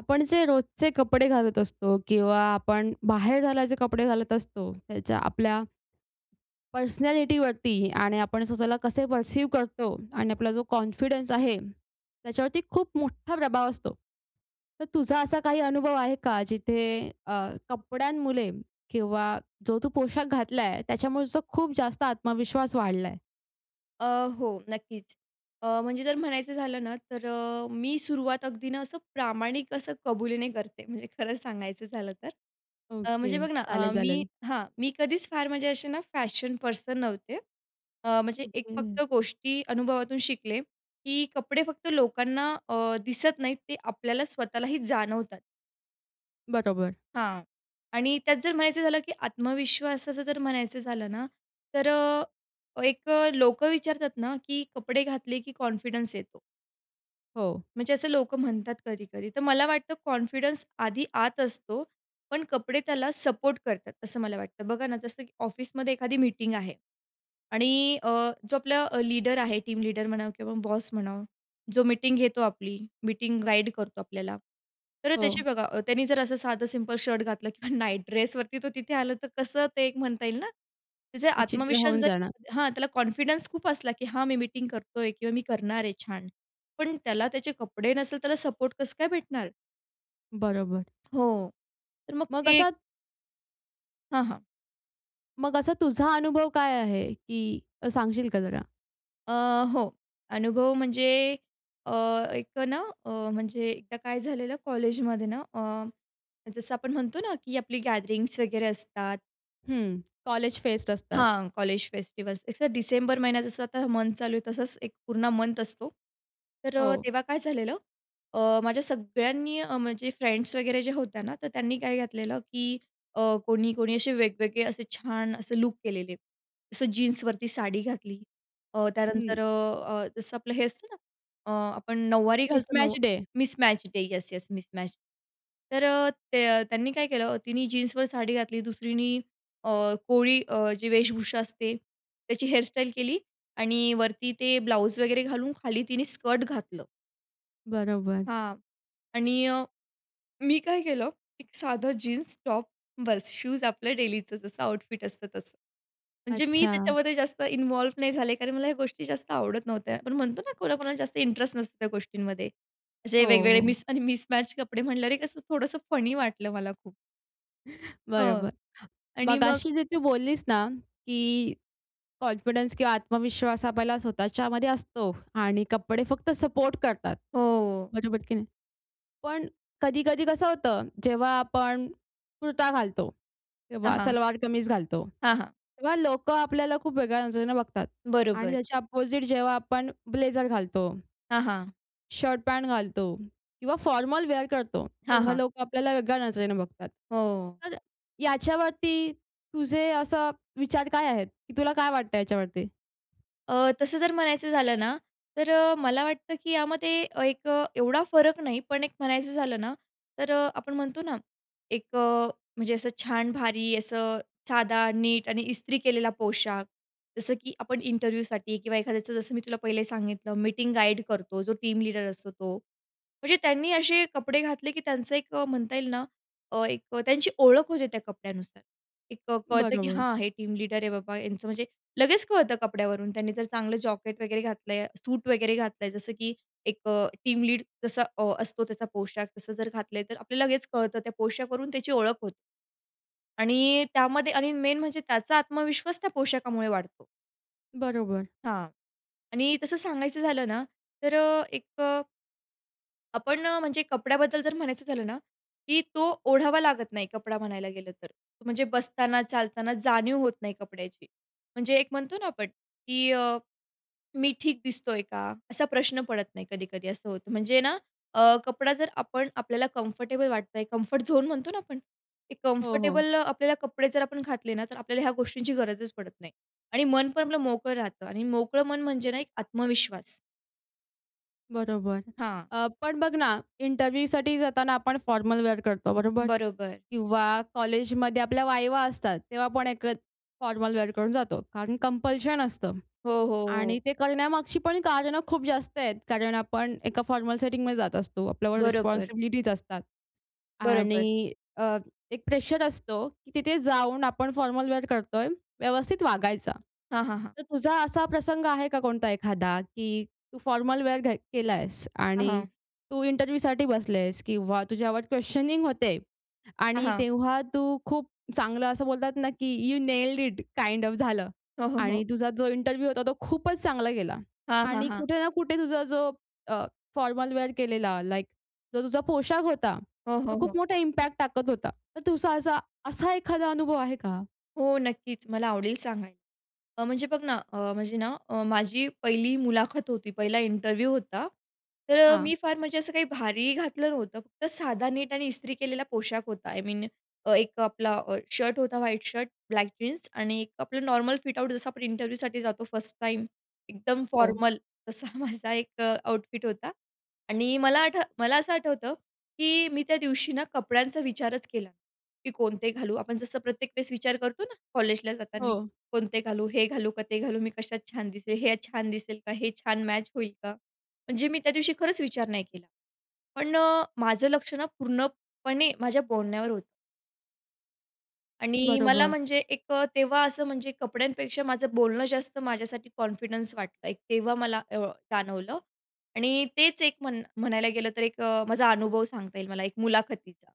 आपण जे रोजचे कपडे घालत असतो किंवा आपण बाहेर घालायचे कपडे घालत असतो त्याच्या आपल्या पर्सनॅलिटी वरती आणि आपण स्वतःला कसे पर्सिव करतो आणि आपला जो कॉन्फिडन्स आहे, त्याच्यावरती खूप मोठा प्रभाव असतो. तर तुझा असा काही अनुभव आहे का? जिथे अ, कपड्यांमुळे किंवा जो तू पोशाख घातलाय त्याच्यामुळे खूप जास्त आत्मविश्वास वाढलाय? अ, हो. नक्कीचं. अ, म्हणजे जर म्हणायचं झालं ना. तर अ, मी सुरुवात अगदी ना असं प्रामाणिक असं कबुलीने करते. म्हणजे खरं सांगायचं झालं तर अ, म्हणजे ओके. बघ ना, अ, चालेल, मी चालेल. हां. मी कधीच फार म्हणजे असे ना फॅशन पर्सन नव्हते. अ, म्हणजे एक ओके. फक्त गोष्टी अनुभवातून शिकले की कपडे फक्त लोकांना अ, दिसत नाहीत. ते आपल्याला स्वतःलाही जाणवतात. बरोबर. हां. आणि त्यात जर म्हणायचं झालं की आत्मविश्वासाचं जर म्हणायचं झालं ना. तर अ, एक अ, लोकं विचारतात ना की कपडे घातले की कॉन्फिडन्स येतो. हो. म्हणजे असं लोकं म्हणतात कधी-कधी. तर मला वाटतं कॉन्फिडन्स आधी आत असतो. पण कपडे त्याला सपोर्ट करतात, असं मला वाटतं. बघा ना जसं की ऑफिसमध्ये एखादी मीटिंग आहे. आणि अ, जो आपला लीडर आहे. टीम लीडर म्हणा किंवा बॉस म्हणावं. जो मीटिंग घेतो आपली. मीटिंग गाईड करतो आपल्याला तर त्याची हो. बघा, त्याने जर असं साधं सिंपल शर्ट घातलं किंवा नाईट ड्रेसवरती तो तिथे आला. तर कसं ते एक म्हणता येईल ना. त्याचा विचित्र आत्मविश्वास होऊन जर जाणार. हां. त्याला कॉन्फिडन्स खूप असला की हां मी मीटिंग करतोय किंवा मी करणार आहे छान. पण त्याला त्याचे कपडे नसल तर त्याला सपोर्ट कसं काय भेटणार? बरोबर. हो. तर मग मग ते असा हां, हां. मग असा, तुझा अनुभव काय आहे की अ, सांगशील का जरा? अ, हो. अनुभव म्हणजे अ, एक अ, ना, अ, म्हणजे एकदा काय झालेलं कॉलेजमध्ये ना, अं, जसं आपण म्हणतो ना, की आपली गॅदरिंग्स वगैरे असतात. हं. कॉलेज फेस्ट असतात. हां, college festivals. It's uh December महिना जसं आता मंथ चालू आहे, तसंच एक पूर्ण मंथ असतो. तर अ, हो. तेव्हा काय झालेलं. अ, माझ्या सगळ्यांनी अ, माझ्या फ्रेंड्स वगैरे ज्या होत्या ना, तर त्यांनी काय घातलेलं, की अ, कोणी कोणी अशे वेगवेगळे, असे छान, असे लूक केलेले. जसं जीन्सवरती साडी घातली. अ, हं. त्यानंतर अ, अ, जसं आपलं हे असतं ना, अ, आपण नऊवारी घालतो, नऊ mismatch day. Mismatch day. Yes, yes mismatch. तर अ, ते अ, त्यांनी काय केलं, तिनी जीन्सवर साडी घातली. दुसरीनी अ, कोळी अ, जी वेशभूषा असते. त्याची हेयरस्टाइल केली आणि वरती ते ब्लाउज वगैरे घालून, खाली तिने स्कर्ट घातलं. बरोबर. हां. आणि मी काय केलं. एक साधं जीन्स, टॉप बस. शूज आपलं डेलीचं जसं आउटफिट असतं तसं. म्हणजे मी अच्छा. त्याच्यामध्ये जास्त इन्व्हॉल्व नाही झाले, कारण मला ह्या गोष्टी जास्त आवडत नव्हत्या. पण म्हणतो ना, कोणाकोणाला जास्त इंटरेस्ट नसतो त्या गोष्टींमध्ये. असे हो, वेगवेगळे हो. मिस आणि मिसमॅच कपडे म्हटल्यावरे, कसं थोडंसं फनी वाटलं मला खूप. हो. बरोबर. आणि मग. मघाशी जे तू बोललीस ना, की कॉन्फिडन्स किंवा आत्मविश्वास आपल्याला स्वतःच्यामध्ये असतो आणि कपडे फक्त सपोर्ट करतात. हो, हो. बरोबर की नाही? पण कधी-कधी कसं होतं, जेव्हा आपण कुर्ता घालतो हां, किंवा हां. सलवार कमीज घालतो, हां, हां. तेव्हा लोकं आपल्याला खूप वेगळ्या नजरेने बघतात आणि बरोबर. त्याच्या अपोझिट जेव्हा आपण ब्लेझर घालतो हां, हां. शर्ट-पॅन्ट घालतो किंवा फॉर्मल वेअर करतो. हां, तेव्हा हां. लोकं आपल्याला वेगळ्या नजरेने बघतात. हो. तर याच्यावरती तुझे असे विचार काय आहेत, की तुला काय वाटतंय याच्यावरती? अ, तसं जर म्हणायचं झालं ना, तर अ, मला वाटतं की यामध्ये एक एवढा फरक नाही, पण एक म्हणायचं झालं ना तर अ, आपण म्हणतो ना, एक अ, म्हणजे असं छान भारी असं साधा नीट आणि इस्त्री केलेला पोशाख जसं की आपण इंटरव्ह्यूसाठी किंवा एखाद्याचं जसं मी तुला पहिले सांगितलं मीटिंग गाईड करतो, जो टीम लीडर असतो तो. म्हणजे त्यांनी असे कपडे घातले की त्यांचं एक अ, म्हणता येईल ना, एक त्यांची ओळख होते त्या कपड्यानुसार. एक कळतं की बरोबर. हा हे टीम लीडर आहे बाबा यांचं म्हणजे लगेच कळतं कपड्यावरून त्यांनी जर चांगलं जॅकेट वगैरे घातलंय, सूट वगैरे घातलंय जसं की एक अ, टीम लीड जसा असतो त्याचा पोशाख तसं जर घातलंय तर आपल्याला लगेच कळतं त्या पोशाखावरून त्याची ओळख होते. आणि त्यामध्ये आणि मेन म्हणजे त्याचा आत्मविश्वास त्या पोशाखामुळे वाढतो. बरोबर. हां. आणि तसं सांगायचं झालं ना तर अ, एक अ, आपण अ, म्हणजे कपड्याबद्दल जर म्हणायचं झालं ना की तो ओढावा लागत नाही कपडा म्हणायला गेलं तर. म्हणजे बसताना, चालताना जाणीव होत नाही कपड्याची. म्हणजे एक म्हणतो ना आपण की अ, "मी ठीक दिसतोय का?" असा प्रश्न पडत नाही कधी-कधी असं होतं. म्हणजे ना अ, कपडा जर आपण आपल्याला कम्फर्टेबल वाटतोय, कम्फर्ट झोन म्हणतो ना आपण. ते हो, हो. कम्फर्टेबल आपल्याला कपडे जर आपण घातले ना, तर आपल्याला ह्या गोष्टींची गरजच पडत नाही आणि मन पण आपलं मोकळं राहतं आणि मोकळं मन म्हणजे ना, एक आत्मविश्वास. बरोबर. हां. अ, पण बघ ना इंटरव्ह्यूसाठी जाताना आपण फॉर्मल वेअर करतो, बरोबर? बरोबर. किंवा कॉलेजमध्ये आपल्या वायवा असतात. तेव्हा आपण एक फॉर्मल वेअर करून जातो. कारण कंपल्शन असतं. हो, हो. आणि हो. ते करण्यामागची पण कारणं खूप जास्त आहेत. कारण आपण एका फॉर्मल सेटिंगमध्ये जात असतो. आपल्यावर बरोबर. रिस्पॉन्सिबिलिटीज असतात. बरोबर. आणि अ, एक प्रेशर असतो की तिथे जाऊन आपण फॉर्मल वेअर करतोय, व्यवस्थित वागायच. हां, हां. हां. तर तुझा असा प्रसंग आहे का कोणता एखादा? की तू फॉर्मल वेअर घ केलायेस हां, आणि हां. तू इंटरव्ह्यूसाठी बसलेस किंवा तुझ्यावर क्वेशनिंग होते हां, आणि हां. तेव्हा तू खूप चांगलं असं बोलतात ना की you nailed it kind of झालं. हो, हो. आणि हो. तुझा जो इंटरव्ह्यू होता तो खूपच चांगला गेला. हां, हां. आणि हां. कुठे ना कुठे तुझा जो अ, फॉर्मल वेअर केलेला लाइक जो तुझा पोशाख होता, हो, तो हो. खूप हो. मोठा इम्पॅक्ट टाकत होता. तर तुझा असा असा एखादा अनुभव आहे का? हो, नक्कीच. मला आवडेल सांगायला. अ, म्हणजे बघ ना अ, म्हणजे ना अ, माझी पहिली मुलाखत होती. पहिला इंटरव्ह्यू होता. तर अ, हां. मी फार म्हणजे असं काही भारी घातलं नव्हतं. फक्त साधा नीट आणि इस्त्री केलेला पोशाख होता. आय मीन अ, एक आपला अ, शर्ट होता व्हाईट शर्ट, ब्लॅक जीन्स आणि एक आपलं नॉर्मल आउटफिट जसं आपण इंटरव्ह्यूसाठी जातो, फर्स्ट टाईम एकदम हो. फॉर्मल. तसा माझा एक अ, आउटफिट होता आणि मला आठ मला असं आठवतं की मी त्या दिवशी ना कपड्यांचा विचारच केला नाही. की "कोणते घालू?" आपण जसं प्रत्येक वेळेस विचार करतो ना कॉलेजला जाताना. हो. "कोणते घालू? हे घालू का? ते घालू? मी कशात छान दिसेल? हे छान दिसेल का? हे छान मॅच होईल का?" म्हणजे मी त्यादिवशी खरंच विचार नाही केला. पण अ, माझं लक्ष ना पूर्णपणे माझ्या बोलण्यावर होतं. आणि मला बरोबर. म्हणजे एक अ, तेव्हा असं म्हणजे कपड्यांपेक्षा माझं बोलणं जास्त माझ्यासाठी कॉन्फिडन्स वाटत आहे. तेव्हा मला अ, जाणवलं आणि तेच एक म्हण म्हणायला गेलं तर एक अ, माझा अनुभव सांगता येईल मला एक मुलाखतीचा.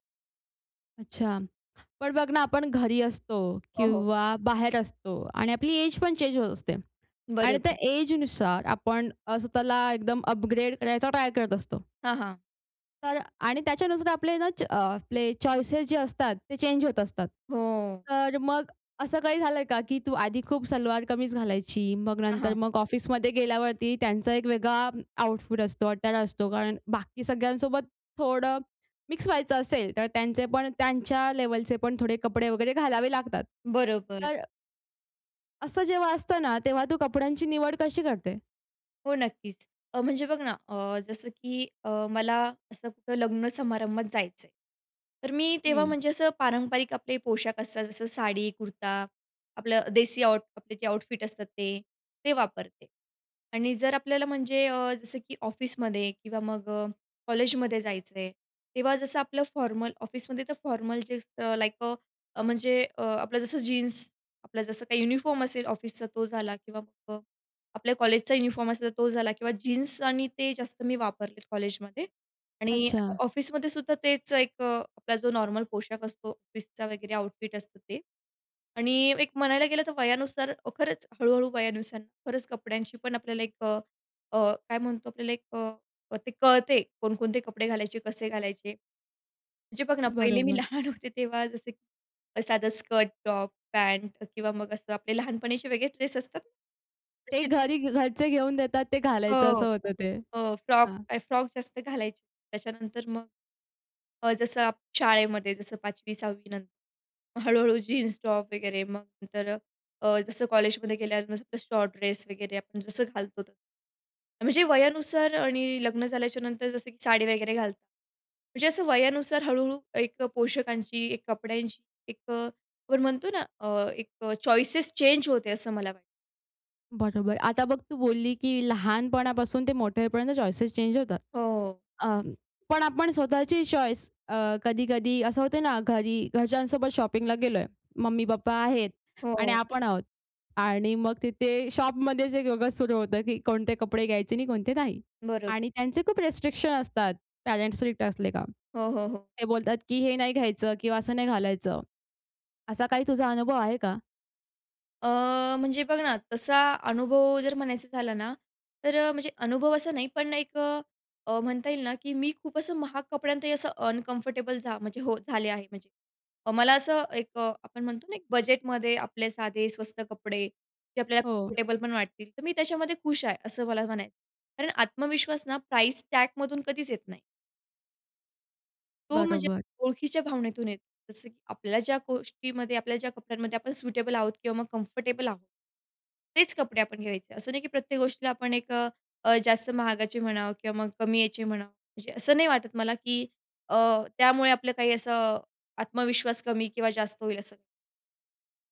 अच्छा, पण बघ ना आपण घरी असतो हो, हो. किंवा बाहेर असतो आणि आपली एज पण चेंज होत असते. आणि त्या बरोबर. एजनुसार आपण अ, स्वतःला एकदम अपग्रेड करायचा ट्राय करत असतो. हां, हां. तर आणि त्याच्यानुसार आपले ना च आपले चॉइसेस जे असतात ते चेंज होत असतात. हो. तर मग असं काही झालंय का की तू आधी खूप सलवार कमीज घालायची, मग हां, नंतर हां. मग ऑफिसमध्ये गेल्यावरती त्यांचा एक वेगळा आउटफिट असतो, अटायर असतो. कारण बाकी सगळ्यांसोबत थोडं मिक्स व्हायचं असेल तर त्यांचे पण त्यांच्या लेव्हलचे पण थोडे कपडे वगैरे घालावे लागतात. बरोबर. तर असं जेव्हा असतं ना तेव्हा तू कपड्यांची निवड कशी करते? हो, नक्कीच. अ, म्हणजे बघ ना अ, जसं की अ, मला असं कुठं लग्न समारंभात जायचं आहे, तर मी तेव्हा हं. म्हणजे असं पारंपरिक आपले पोशाख असतात जसं साडी, कुर्ता, आपलं देसी आउट कपड्याचे आउटफिट असतात ते, ते वापरते. आणि जर आपल्याला म्हणजे अ, जसं की ऑफिसमध्ये किंवा मग अ, कॉलेजमध्ये जायचं आहे, तेव्हा जसं आपलं फॉर्मल ऑफिसमध्ये तर formal jeans uh, like uh, म्हणजे अ, आपलं जसं जीन्स आपलं जसं काही युनिफॉर्म असेल ऑफिसचा तो झाला किंवा प आपल्या कॉलेजचा युनिफॉर्म असेल, तर तो झाला किंवा जीन्स आणि ते जास्त मी वापरते कॉलेजमध्ये आणि अच्छा. ऑफिसमधेसुद्धा तेच एक अ, आपला जो नॉर्मल पोशाख असतो ऑफिसचा वगैरे आउटफिट असतं ते. आणि एक म्हणायला गेलं तर वयानुसार हो, खरंच हळू-हळू वयानुसार खरंच कपड्यांची पण आपल्याला एक अ, अ, काय म्हणतो आपल्याला अ, ते कळते कोणकोणते कपडे घालायचे, कसे घालायचे. म्हणजे बघ ना पहिले मी बरोबर. लहान होते तेव्हा जसं की साधं स्कर्ट, टॉप, पॅन्ट किंवा मग असं आपले लहानपणीचे वेगळे ड्रेस असतात. ते तशे ड्रेस घरी घरचे घेऊन देतात ते घालायचं हो, असं होतं ते हो, फ्रॉक, हां. तर फ्रॉक जास्त घालायचे. त्याच्यानंतर मग अ, जसं अप शाळेमध्ये जसं 5वी-6वी नंतर, मग हळू-हळू जीन्स, टॉप वगैरे. मग नंतर अ, अ, जसं कॉलेजमध्ये गेल्यावर नुसतं शॉर्ट ड्रेस वगैरे आपण जसं घालतो ते. म्हणजे वयानुसार आणि लग्न झाल्याच्यानंतर जसं की साडी वगैरे घालतात. म्हणजे असं वयानुसार हळू-हळू एक पोषकांची, एक कपड्यांची एक अ, आपण म्हणतो ना अ, एक चॉइसेस चेंज होते असं मला वाटतं. बरोबर. आता बघ तू बोलली की लहानपणापासून ते मोठे होईपर्यंत चॉइसेस चेंज होतात. हो. अ, पण आपण स्वतःची चॉईस अ, कधी-कधी असं होतं ना घरी घरच्यांसोबत शॉपिंगला गेलोय. मम्मी-पप्पा आहेत आणि हो. आपण आहोत. आणि मग तिथे शॉपमध्ये जे वेगळंच सुरू होतं की कोणते कपडे घ्यायचे आणि कोणते नाही. बरं. आणि त्यांचे खूप रिस्ट्रिक्शन असतात पेरेंट्स स्ट्रिक्ट असलेत का. हो, हो. हो. ते बोलतात की हे नाही घ्यायचं किंवा असं नाही घालायचं. असा काही तुझा अनुभव आहे का? अ, म्हणजे बघ ना तसा अनुभव जर म्हणायचं झाला ना तर अ, म्हणजे अनुभव असा नाही पण एक अ, अ, म्हणता येईल ना की मी खूप असं महाग कपड्यांतही असं अनकम्फर्टेबल जा म्हणजे हो झाले आहे म्हणजे. मला असं एक अ, आपण म्हणतो ना एक बजेटमध्ये आपले साधे स्वस्त कपडे, जे आपल्याला हो. कम्फर्टेबल पण वाटतील तर मी त्याच्यामध्ये खुश आहे असं मला म्हणायचं. कारण आत्मविश्वास ना प्राइस टॅगमधून कधीच येत नाही. तो म्हणजे बरोबर. ओळखीच्या भावनेतून येतो. जसं की आपल्या ज्या गोष्टीमध्ये आपल्या ज्या कपड्यांमध्ये आपण सुटेबल आहोत किंवा मग कम्फर्टेबल आहोत. तेच कपडे आपण घ्यायचे. असं नाही की प्रत्येक गोष्टीला आपण एक अ, अ, जास्त महागाचे म्हणावं किंवा मग कमी याचे म्हणावं. म्हणजे असं नाही वाटत मला की अ, त्यामुळे आपलं काही असं अ, आत्मविश्वास कमी किंवा जास्त होईल असं काही.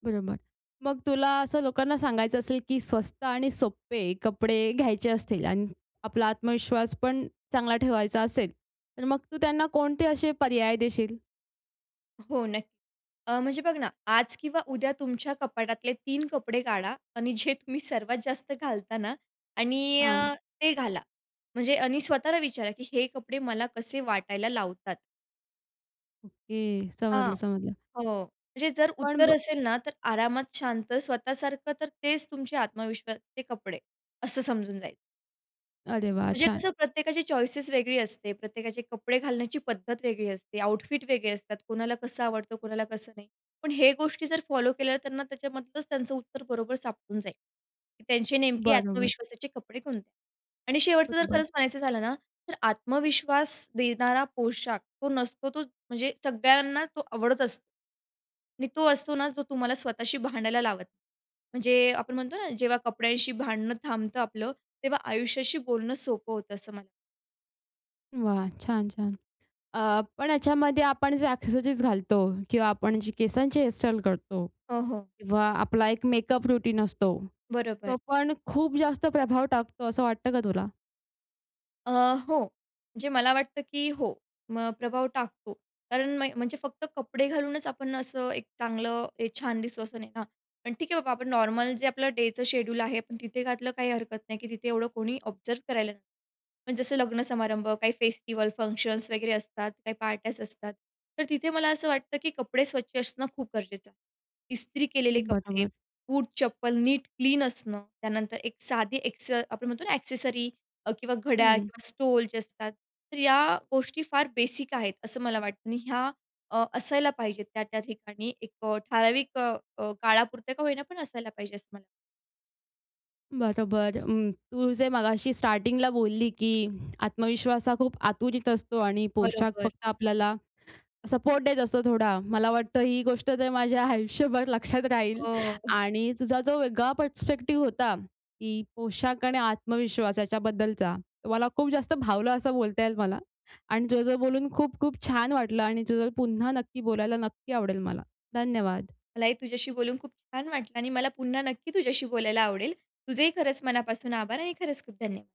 बरोबर. मग तुला असं लोकांना सांगायचं असेल, की स्वस्त आणि सोपे कपडे घ्यायचे असतील आणि आपला आत्मविश्वास पण चांगला ठेवायचा असेल. तर मग तू त्यांना कोणते असे पर्याय देशील? हो, नक्की. अ, म्हणजे बघ ना, आज किंवा उद्या तुमच्या कपाटातले 3 कपडे काढा आणि अ, जे तुम्ही सर्वात जास्त घालता ना आणि हां. अ, ते घाला. म्हणजे आणि स्वतःला विचारा की हे कपडे मला कसे वाटायला लावतात. ओके. हां. समजलं समजलं. हो. म्हणजे जर पण उत्तर ब असेल ना तर आरामात शांत स्वतःसारखं तर तेच तुमचे आत्मविश्वासचे कपडे असं समजून जायचं. अरे वाह! म्हणजे छान. तसं प्रत्येकाची चॉइसेस वेगळी असते, प्रत्येकाचे कपडे घालण्याची पद्धत वेगळी असते, आउटफिट वेगळे असतात, कोणाला कसं आवडतं, कोणाला कसं नाही. पण ह्या गोष्टी जर फॉलो केल्या, त्यांना त्याच्यामधलंच त्यांचं उत्तर बरोबर सापडून जाईल, की त्यांचे नेमके बरोबर. आत्मविश्वासाचे कपडे कोणते आहेत? आणि शेवटचं जर बरोबर. खरंच म्हणायचं झालं ना, तर आत्मविश्वास देणारा पोशाख तो नसतो, तो म्हणजे सगळ्यांना तो आवडत असतो. आणि तो असतो ना, जो तुम्हाला स्वतःशी भांडायला लावत नाही. म्हणजे आपण म्हणतो ना, जेव्हा कपड्यांशी भांडणं थांबतं आपलं. तेव्हा आयुष्याशी बोलणं सोपं होतं, असं म्ह वाह! छान, छान. अ, पण याच्यामध्ये आपण जे ॲक्सेसरीज घालतो किंवा आपण जे केसांची हेयरस्टाईल करतो हो, हो. किंवा आपला एक मेकअप रूटीन असतो. तो बरोबर. पण खूप जास्त प्रभाव टाकतो, असं वाटतं का तुला? अ, हो. म्हणजे मला वाटतं, की हो. म प्रभाव टाकतो. कारण म्ह म्हणजे फक्त कपडे घालूनच आपण असं एक चांगलं, एक छान दिसतो असं नाही ना. हां पण ठीक आहे, बाबा आपण नॉर्मल जे आपलं डेचं शेड्यूल आहे, पण तिथे घातलं काही हरकत नाही, की तिथे एवढं कोणी ऑब्झर्व्ह करायला नाही. पण जसं लग्नसमारंभ, काही फेस्टिव्हल, फंक्शन्स वगैरे असतात, काही पार्ट्याज असतात. तर तिथे मला असं वाटतं, की कपडे स्वच्छ असणं खूप गरजेचं आहे. इस्त्री केलेले कपडे. बरोबर बूट चप्पल नीट क्लीन असणं. त्यानंतर एक साधी ॲक्से आपण म्हणतो ना, ॲक्सेसरी अ, किंवा घड्याळ हं. किंवा स्टोल, जे असतात. तर या गोष्टी फार बेसिक आहेत, असं मला वाटतं. आणि ह्या अ, असायला पाहिजेत त्या-त्या ठिकाणी एक अ, ठराविक अ, अ, काळापुरता का होईना पण असायला पाहिजे असं मला वाटतं. बरोबर. अ, तू जे मघाशी स्टार्टिंगला बोलली, की आत्मविश्वास हा खूप आतुरीत असतो आणि पोशाख बरोबर. फक्त आपल्याला, सपोर्ट देत असतो थोडा. मला वाटतं ही गोष्ट तर माझ्या आयुष्यभर लक्षात राहील हो. आणि तुझा जो वेगळा परस्पेक्टिव्ह होता, की पोशाख आणि आत्मविश्वास याच्याबद्दलचा. मला खूप जास्त भावलं असं बोलता येईल मला. आणि तुझ्यासोबत बोलून खूप-खूप छान वाटलं आणि तुझ्यासोबत पुन्हा नक्की बोलायला, नक्की आवडेल मला. धन्यवाद. मला हे तुझ्याशी बोलून खूप छान वाटलं. आणि मला पुन्हा नक्की तुझ्याशी बोलायला आवडेल. तुझेही खरंच मनापासून आभार आणि खरंच खूप धन्यवाद.